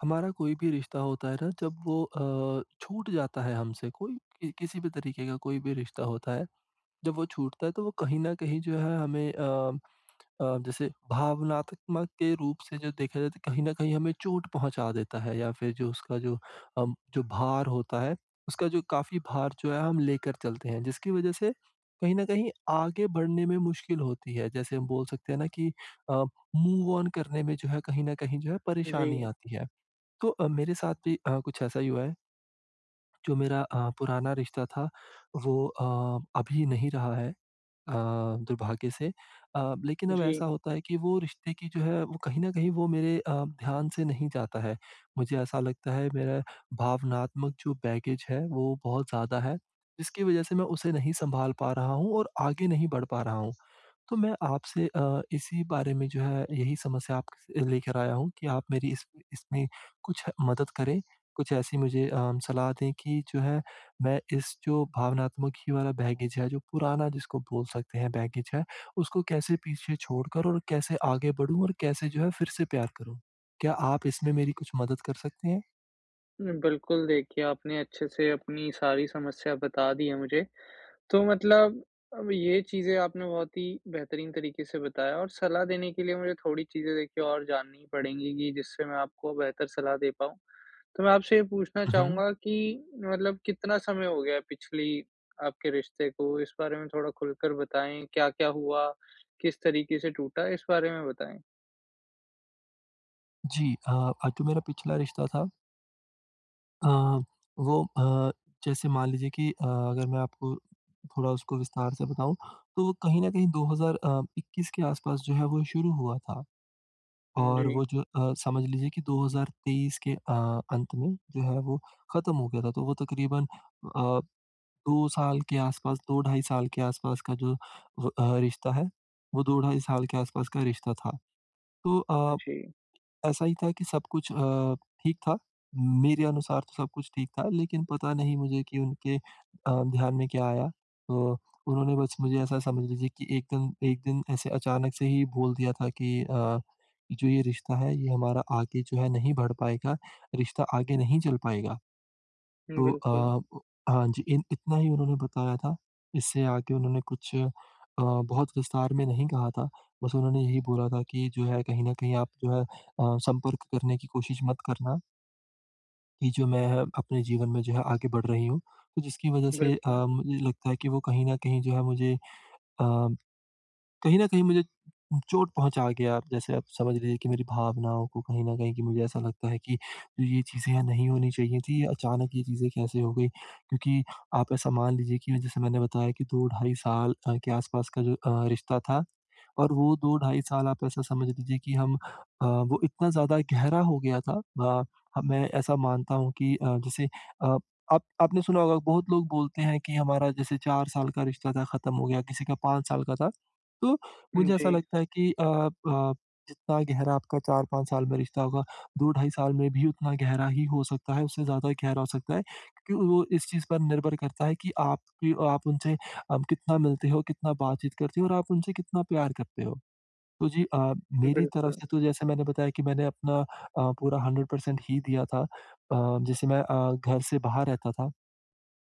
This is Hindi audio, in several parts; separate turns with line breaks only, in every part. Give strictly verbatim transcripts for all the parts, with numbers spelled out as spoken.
हमारा कोई भी रिश्ता होता है न जब वो अ, छूट जाता है हमसे कोई, किसी भी तरीके का कोई भी रिश्ता होता है, जब वो छूटता है तो वो कहीं न कहीं जो है हमें अ अ, जैसे भावनात्मक के रूप से जो देखा जाए तो कहीं न कहीं हमें चोट पहुँचा देता है या फिर जो उसका जो अ, जो भार होता है उसका जो काफ़ी भार जो है हम लेकर चलते हैं जिसकी वज़ह से, कहीं न कहीं आगे बढ़ने में मुश्किल होती है। जैसे हम बोल सकते हैं न कि अ, मूव ओन करने में जो है कहीं न कहीं जो है परेशानी
जी।
आती है। तो अ, मेरे साथ अ, भी कुछ ऐसा ही हुआ है। जो मेरा अ, पुराना रिश्ता था वो अ, अभी नहीं रहा है अ, दुर्भाग्य से अ, लेकिन अब
जी।
ऐसा होता है कि वो रिश्ते की जो है वो कहीं न कहीं वो मेरे अ, ध्यान से नहीं जाता है, मुझे ऐसा लगता है मेरा भावनात्मक जो बैगेज है, वो बहुत ज़्यादा है। जिसकी वज़ह से मैं उसे नहीं सँभाल पा रहा हूँ और आगे नहीं बढ़ पा रहा हूँ। तो मैं आपसे अ, इसी बारे में जो है यही समस्या आपके लेकर आया हूँ कि आप मेरी इस इसमें कुछ मदद करें। कुछ ऐसी मुझे अ, सलाह दें कि जो है मैं इस जो भावनात्मक वाला बैगेज है जो पुराना जिसको बोल सकते हैं बैगेज है, उसको कैसे पीछे छोड़ कर और कैसे आगे बढ़ूँ और कैसे जो है फिर से प्यार करूँ? क्या आप इसमें मेरी कुछ मदद कर सकतें हैं?
बिल्कुल, देखिए आपने अच्छे से अपनी सारी समस्या बता दी है मुझे। तो मतलब अब ये चीज़ें आपने बहुत ही बेहतरीन तरीके से बताया और सलाह देने के लिए मुझे थोड़ी चीज़ें देखिए और जाननी ही पड़ेगी की जिससे मैं आपको बेहतर सलाह दे पाऊँ। तो मैं आपसे ये पूछना
हुँ, हुँ।
चाहूँगा कि मतलब कितना समय हो गया है पिछली आपके रिश्ते को इस बारे में थोड़ा खुलकर बताएँ? क्या-क्या हुआ? किस तरीके से टूटा इस बारे में बताएंँ?
जी, अ अ, तो मेरा पिछला रिश्ता था अ, वो अ, जैसे मान लीजिए की अ, अगर मैं आपको थोड़ा उसको विस्तार से बताऊँ तो, कहीं न कहीं 2,000 अ, इक्कीस के आस-पास जो है वो शुरू हुआ था। और
जी।
वो जो अ, समझ लीजिए की दो हज़ार तेईस के अ, अंत में जो है वो खत्म हो गया था तो वो तकरीबन अ, दो साल के आस-पास दो ढाई साल के आस-पास का जो अ, रिश्ता है वो दो ढाई साल के आस-पास का रिश्ता था। तो अ,
जी।
ऐसा ही था की सब कुछ अ, ठीक था, मेरे अनुसार तो सब कुछ ठीक था लेकिन पता नहीं मुझे की उनके अ, ध्यान में क्या आया, तो उन्होंने बस मुझे ऐसा समझ लीजिए कि एक दिन, एक दिन ऐसे अचानक से ही बोल दिया था की अ, जो ये रिश्ता है ये हमारा आगे जो है नहीं बढ़ पाएगा, रिश्ता आगे नहीं चल पाएगा। तो
बिल्कुल।
अ, हाँ, जी, इतना ही उन्होंने बताया था। इससे आगे उन्होंने कुछ अ, बहुत विस्तार में नहीं कहा था। बस उन्होंने यही बोला था की जो है कहीं न कहीं आप जो है अ, संपर्क करने की कोशिश मत करना। कि जो मैं अ अपने जीवन में जो है आगे बढ़ रही हूँ। तो जिसकी वजह से अ,
बिल्कुल।
मुझे लगता है कि वो कहीं न कहीं जो है मुझे अ, कहीं न कहीं मुझे उ चोट पहुँचा गया। जैसे आप समझ लीजिए कि मेरी भावनाओं को कहीं न कहीं कि मुझे ऐसा लगता है कि ये चीज़ें नहीं होनी चाहिए थीं, अचानक ये चीज़ें कैसे हो गई, क्योंकि आप ऐसा मान लीजिए कि जैसे मैंने बताया कि दो ढाई साल अ, के आसपास का जो अ, रिश्ता था और वो दो ढाई साल आप ऐसा समझ लीजिए कि हम अ, वो इतना ज़्यादा गहरा हो गया था। अ, ह मैं ऐसा मानता हूँ कि अ, जैसे अ, आप आपने सुना होगा बहुत लोग बोलते हैं कि हमारा जैसे चार साल का रिश्ता था खत्म हो गया, किसी का पाँच साल का था। तो
हुँ,
मुझे ऐसा
जी।
लगता है कि अ अ, जितना गहरा आपका चार पाँच साल में रिश्ता होगा, दो ढाई साल में भी उतना गहरा ही हो सकता है, उससे ज़्यादा गहरा हो सकता है। क्योंकि वो इस चीज़ पर निर्भर करता है कि आप कि आप उनसे अम, कितना मिलते हो, कितना बातचीत करते हो और आप उनसे कितना प्यार करते हो। तो जी अ, मेरी तरफ
बिल्कुल।
से तो जैसा मैंने बताया कि मैंने अपना अ, पूरा हंड्रेड पर्सेंट ही दिया था। अ, जैसे मैं अ, घर से बाहर रहता था,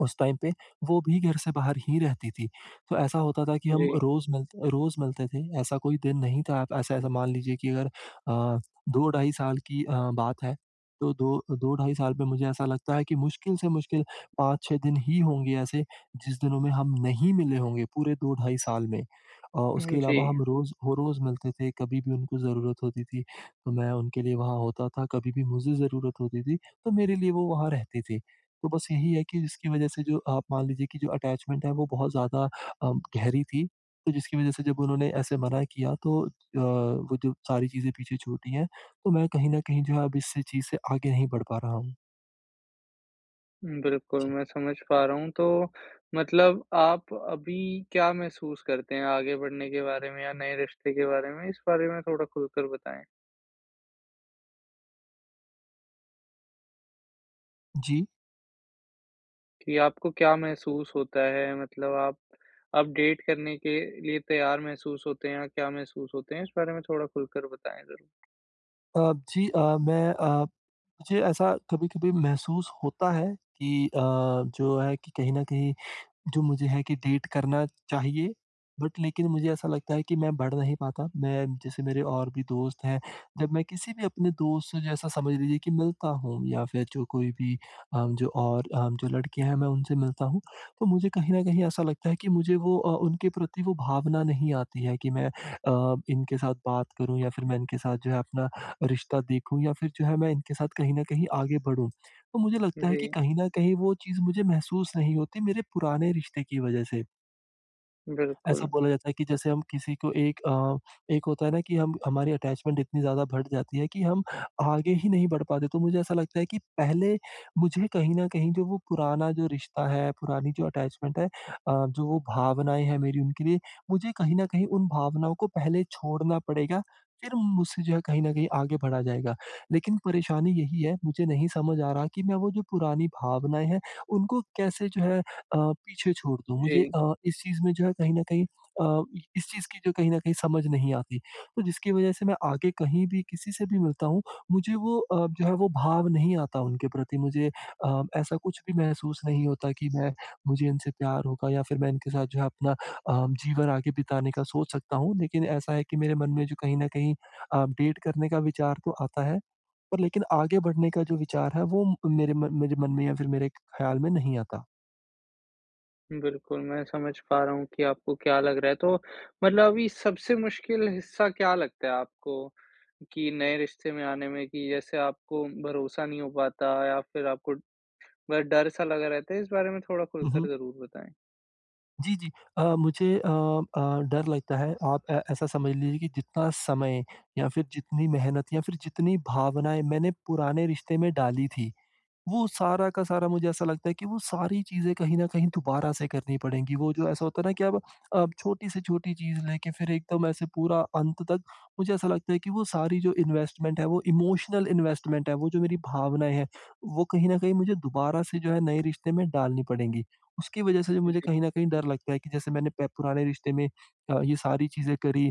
उस टाइम पे वो भी घर से बाहर ही रहती थी। तो ऐसा होता था कि हम
जी।
रोज़ मिलते रोज़ मिलते थे। ऐसा कोई दिन नहीं था आप ऐसा, ऐसा मान लीजिए कि अगर अ, दो ढाई साल की अ, बात है, तो दो दो-ढाई साल में मुझे ऐसा लगता है कि मुश्किल से मुश्किल पाँच छह दिन ही होंगे ऐसे, जिस दिनों में हम नहीं मिले होंगे पूरे दो ढाई साल में और
हुँ,
उसके अलावा
जी।
हम रोज़, हो रोज़ मिलते थे। कभी भी उनको ज़रूरत होती थी, मैं उनके लिए वहाँ होता था, कभी भी मुझे ज़रूरत होती थी, तो मेरे लिए वो वहाँ रहती थी। तो बस यही है कि जिसकी वजह से जो आप मान लीजिए कि जो अटैचमेंट है, वो बहुत ज़्यादा अ, गहरी थी। तो जिसकी वजह से जब उन्होंने ऐसे मना किया तो अ, वो जो सारी चीज़ें पीछे छूटी हैं, तो मैं कहीं न कहीं जो है अब इस चीज़ से आगे नहीं बढ़ पा रहा हूँ।
बिल्कुल,
जी।
मैं समझ पा रहा हूँ, तो मतलब आप अभी क्या महसूस करते हैं आगे बढ़ने के बारे में? या नए रिश्ते के बारे में? इस बारे में थोड़ा खुलकर बताएँ।
जी।
कि आपको क्या महसूस होता है, मतलब आप अब डेट करने के लिए तैयार महसूस होते हैं? या क्या महसूस होते हैं? इस बारे में थोड़ा खुलकर बताएँ ज़रा।
अ, जी अ, मैं अ, मुझे ऐसा कभी-कभी महसूस होता है कि अ, जो है कि कहीं न कहीं जो मुझे है कि डेट करना चाहिए। बट लेकिन मुझे ऐसा लगता है कि मैं बढ़ नहीं पाता। मैं जैसे मेरे और भी दोस्त हैं, जब मैं किसी भी अपने दोस्त से जैसा समझ लीजिए कि मिलता हूँ या फिर जो कोई भी अ, जो और अ, जो लड़कियाँ हैं, मैं उनसे मिलता हूँ, तो मुझे कहीं न कहीं ऐसा लगता है कि मुझे वो अ, उनके प्रति वो भावना नहीं आती है कि मैं अ, इनके साथ बात करूँ या फिर मैं इनके साथ जो है अपना रिश्ता देखूँ या फिर जो है मैं इनके साथ कहीं न कहीं आगे बढ़ूँ। तो मुझे लगता है कि
जी।
कहीं न कहीं वो चीज़ मुझे महसूस नहीं होती मेरे पुराने रिश्ते की वज़ह से। ऐसा
बिल्कुल।
बोला जाता है कि जैसे हम किसी को एक अ, एक होता है न कि हम हमारी अटैचमेंट इतनी ज़्यादा बढ़ जाती है कि हम आगे ही नहीं बढ़ पाते। तो मुझे ऐसा लगता है कि पहले मुझे कहीं न कहीं जो वो पुराना जो रिश्ता है, पुरानी जो अटैचमेंट है अ, जो वो भावनाएँ हैं मेरी उनके लिए, मुझे कहीं न कहीं उन भावनाओं को पहले छोड़ना पड़ेगा। फिर मुझसे जो है कहीं न कहीं आगे बढ़ा जाएगा। लेकिन परेशानी यही है, मुझे नहीं समझ आ रहा कि मैं वो जो पुरानी भावनाएँ हैं, उनको कैसे जो है अ, पीछे छोड़ दूँ? मुझे
जी।
अ, इस चीज़ में जो है कहीं न कहीं अ, इस चीज़ की जो कहीं न कहीं समझ नहीं आती। तो जिसकी वज़ह से मैं आगे कहीं भी किसी से भी मिलता हूँ, मुझे वो अ, जो है वो भाव नहीं आता उनके प्रति। मुझे अ, ऐसा कुछ भी महसूस नहीं होता कि मैं मुझे इनसे प्यार होगा या फिर मैं इनके साथ जो है अपना अ, जीवन आगे बिताने का सोच सकता हूँ। लेकिन ऐसा है कि मेरे मन में जो कहीं न कहीं अ, डेट करने का विचार तो आता है। पर लेकिन आगे बढ़ने का जो विचार है, वो मेरे म मेरे मन में या फिर मेरे ख्याल में नहीं आता।
बिल्कुल, मैं समझ पा रहा हूँ कि आपको क्या लग रहा है। तो मतलब अभी सबसे मुश्किल हिस्सा क्या लगता है आपको? कि नए रिश्ते में आने में कि जैसे आपको भरोसा नहीं हो पाता या फिर आपको डर-सा लगा रहता है? इस बारे में थोड़ा
हुँ,
खुलकर
हुँ।
ज़रूर बताएँ।
जी, जी, अ, मुझे अ अ, डर लगता है आप अ, ऐसा समझ लीजिए कि जितना समय, या फिर जितनी मेहनत या फिर जितनी भावनाएँ मैंने पुराने रिश्ते में डाली थी, वो सारा का सारा मुझे ऐसा लगता है कि वो सारी चीज़ें कहीं न कहीं दोबारा से करनी पड़ेगी, वो जो ऐसा होता है ना कि अब अ, छोटी से छोटी चीज़ लेके फिर एकदम ऐसे पूरा अंत तक मुझे ऐसा लगता है कि वो सारी जो इन्वेस्टमेंट है वो, इमोशनल इन्वेस्टमेंट है वो जो मेरी भावनाएँ हैं वो कहीं न कहीं मुझे दोबारा से जो है नए रिश्ते में डालनी पड़ेंगी। उसकी वजह से मुझे
जी।
कहीं न कहीं डर लगता है कि जैसे मैंने प पुराने रिश्ते में अ, ये सारी चीज़ें करी।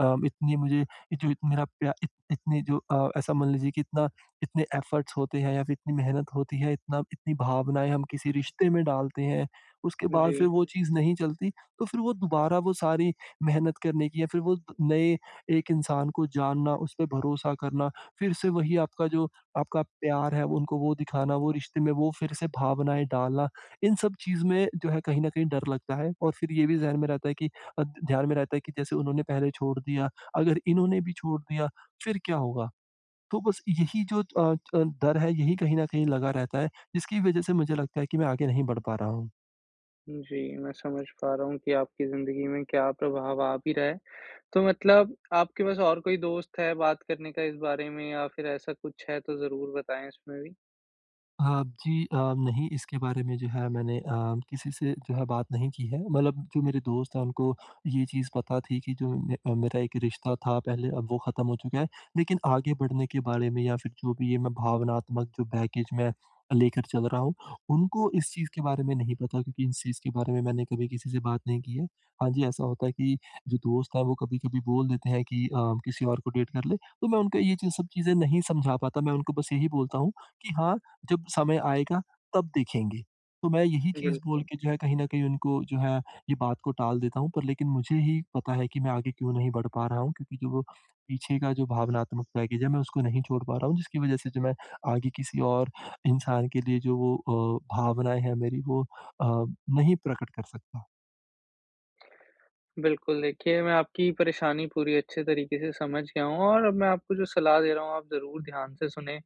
अ, इतनी मुझे जो मेरा प्या इत इत इतनी जो अ, ऐसा मान लीजिए कि इतना इतने एफर्ट्स होते हैं या फिर इतनी मेहनत होती है, इतना इतनी भावनाएँ हम किसी रिश्ते में डालते हैं। उसके बाद
जी।
फिर वो चीज़ नहीं चलती, तो फिर वो दुबारा वो सारी मेहनत करने की या फिर वो नए एक इंसान को जानना, उसपे भरोसा करना, फिर से वही आपका जो आपका प्यार है उनको वो दिखाना, वो रिश्ते में वो फिर से भावनाएँ डालना, इन सब चीज़ में जो है कहीं न कहीं डर लगता है और फिर ये भी ज़हन में रहता है कि अ, ध्यान में रहता है कि जैसे उन्होंने पहले छोड़ दिया, अगर इन्होंने भी छोड़ दिया, फिर क्या होगा? तो बस यही जो अ अ, डर है यही कहीं न कहीं लगा रहता है, जिसकी वजह से मुझे लगता है कि मैं आगे नहीं बढ़ पा रहा हूँ।
जी, मैं समझ पा रहा हूँ कि आपकी ज़िंदगी में क्या प्रभाव आ भी रहा है। तो मतलब आपके पास और कोई दोस्त है, बात करने का इस बारे में? या फिर ऐसा कुछ है, तो ज़रूर बताएँ इसमें भी।
हाँ, जी अ, नहीं इसके बारे में जो है मैंने अ, किसी से जो है बात नहीं की है। मतलब जो मेरे दोस्त हैं, उनको ये चीज़ पता थी कि जो में मेरा एक रिश्ता था, पहले अब वो ख़त्म हो चुका है। लेकिन आगे बढ़ने के बारे में या फिर जो भी है, मैं भावनात्मक जो बैगेज में लेकर चल रहा हूँ, उनको इस चीज़ के बारे में नहीं पता क्योंकि इस चीज़ के बारे में मैंने कभी किसी से बात नहीं की है। हाँ जी, ऐसा होता है कि जो दोस्त हैं, वो कभी-कभी बोल देते हैं कि अ, किसी और, को डेट कर ले। तो मैं उनको ये सब चीज़ें नहीं समझा पाता। मैं उनको बस यही बोलता हूँ कि हाँ, जब समय आएगा, तब देखेंगे। तो मैं यही चीज़ बोल
बिल्कुल।
के जो है कहीं न कहीं उनको जो है ये बात को टाल देता हूँ, पर लेकिन मुझे ही पता है कि मैं आगे क्यों नहीं बढ़ पा रहा हूँ क्योंकि जो वो पीछे का जो भावनात्मक बैगेज है मैं उसको नहीं छोड़ पा रहा हूँ। जिसकी वजह से जो मैं आगे किसी और इंसान के लिए जो वो अ, भावनाएँ हैं मेरी वो अ, नहीं प्रकट कर सकता।
बिल्कुल, देखिए, मैं आपकी परेशानी पूरी अच्छे तरीके से समझ गया हूँ और अब मैं आपको जो सलाह दे रहा हूँ, आप ज़रूर ध्यान से सुनें।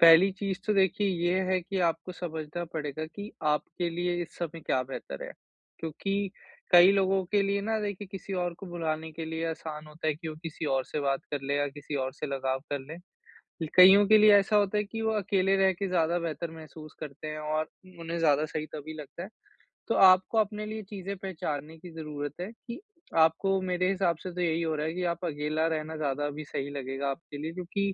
पहली चीज़ तो देखिए ये है कि आपको समझना पड़ेगा कि, आपके लिए इस समय क्या बेहतर है, क्योंकि कई लोगों के लिए ना देखिए, किसी और को भुलाने के लिए आसान होता है कि वो किसी और से बात कर लें या किसी और से लगाव कर लें। लि कइयों के लिए ऐसा होता है कि वो अकेले रह के ज़्यादा बेहतर महसूस करते हैं और म उन्हें ज़्यादा सही तभी लगता है। तो आपको अपने लिए चीज़ें पहचानने की ज़रूरत है कि, आपको मेरे हिसाब से तो यही हो रहा है कि आप अकेला रहना ज़्यादा अभी सही लगेगा आपके लिए क्योंकि,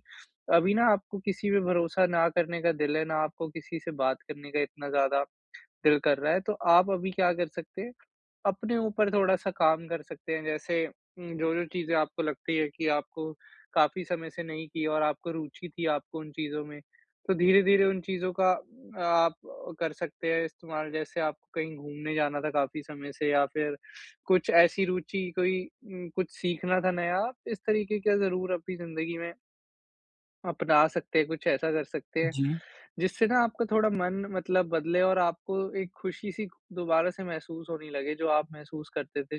अभी ना आपको किसी पे भरोसा ना करने का दिल है, ना आपको किसी से बात करने का इतना ज़्यादा दिल कर रहा है। तो आप अभी क्या कर सकते हैं, अपने ऊपर थोड़ा-सा काम कर सकते हैं। जैसे उम, जो-जो चीज़ें आपको लगती हैं कि आपको काफ़ी समय से नहीं की और आपको रूचि थी आपको उन चीज़ों में, तो धीरे-धीरे उन चीज़ों का आप कर सकते हैं इस्तेमाल। जैसे आपको कहीं घूमने जाना था काफ़ी समय से या फिर कुछ ऐसी रूचि कोई उम, कुछ सीखना था नया, इस तरीके का ज़रूर अपनी ज़िंदगी में आप बता सकते हैं कुछ ऐसा कर सकते हैं,
जी।
जिससे ना आपका थोड़ा मन मतलब बदले और आपको एक खुशी-सी दोबारा से महसूस होने लगे जो आप महसूस करते थे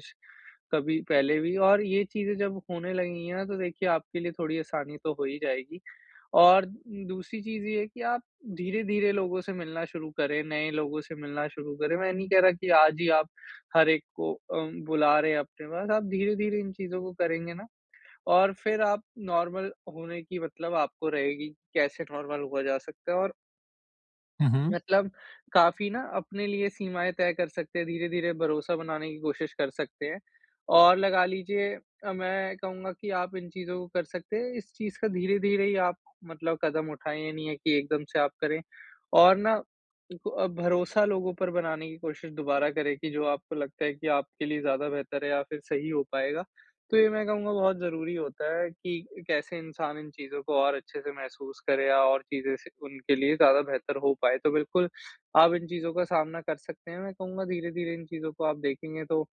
कभी, पहले भी और ये चीज़ें जब होने लगेंगी ना तो देखिये आपके लिए थोड़ी आसानी तो हो ही जाएगी। और दूसरी चीज़ ये है की आप धीरे-धीरे लोगों से मिलना शुरू करें, नए लोगों से मिलना शुरू करें, मैं ये नहीं कह रहा की आज ही आप हर एक को अम, बुला रहे हैं अपने पास, आप धीरे-धीरे इन चीज़ों को करेंगे ना और फिर आप नॉर्मल होने की मतलब आपको रहेगी कैसे नॉर्मल हुआ जा सकता है। और
हुँ, हुँ।
मतलब, काफ़ी ना अपने लिए सीमाएँ तय कर सकते हैं धीरे-धीरे भरोसा बनाने की कोशिश कर सकते हैं। और लगा लीजिए अ, मैं कहूँगा कि आप इन चीज़ों को कर सकते हैं इस चीज़ का धीरे-धीरे ही आप मतलब कदम उठाएँ ये नहीं है कि एकदम से आप करें। और ना इन अ, ब भरोसा लोगों पर बनाने की कोशिश दोबारा करें की जो आपको लगता है कि आपके लिए ज़्यादा बेहतर है या फिर सही हो पाएगा। तो ये मैं कहूँगा बहुत ज़रूरी होता है कि कैसे इंसान इन चीज़ों को और अच्छे से महसूस करें या और चीज़ें से उनके लिए ज़्यादा बेहतर हो पाएँ, तो बिल्कुल आप इन चीज़ों का सामना कर सकते हैं मैं कहूँगा धीरे-धीरे इन चीज़ों को आप देखेंगे तो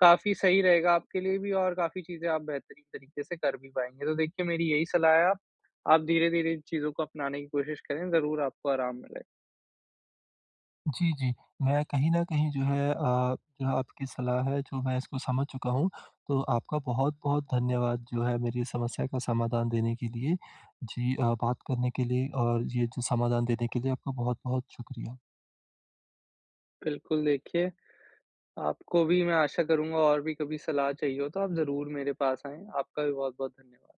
काफ़ी सही रहेगा आपके लिए भी और काफ़ी चीज़ें आप बेहतरीन तरीके से कर भी पाएँगे। तो देखिए मेरी यही सलाह है आ आप धीरे-धीरे इन चीज़ों को अपनाने की कोशिश करें ज़रूर आपको आराम मिले।
जी, जी। मैं कहीं न कहीं जो है अ, जो आपकी सलाह है जो मैं इसको समझ चुका हूँ। तो आपका बहुत-बहुत धन्यवाद जो है मेरी समस्या का समाधान देने के लिए। जी अ, बात करने के लिए और ये जो समाधान देने के लिए आपका बहुत-बहुत शुक्रिया।
बिल्कुल देखिए, आपको भी मैं आशा करूँगा और भी कभी सलाह चाहिए हो तो आप ज़रूर मेरे पास आएँ। आपका भी बहुत-बहुत धन्यवाद।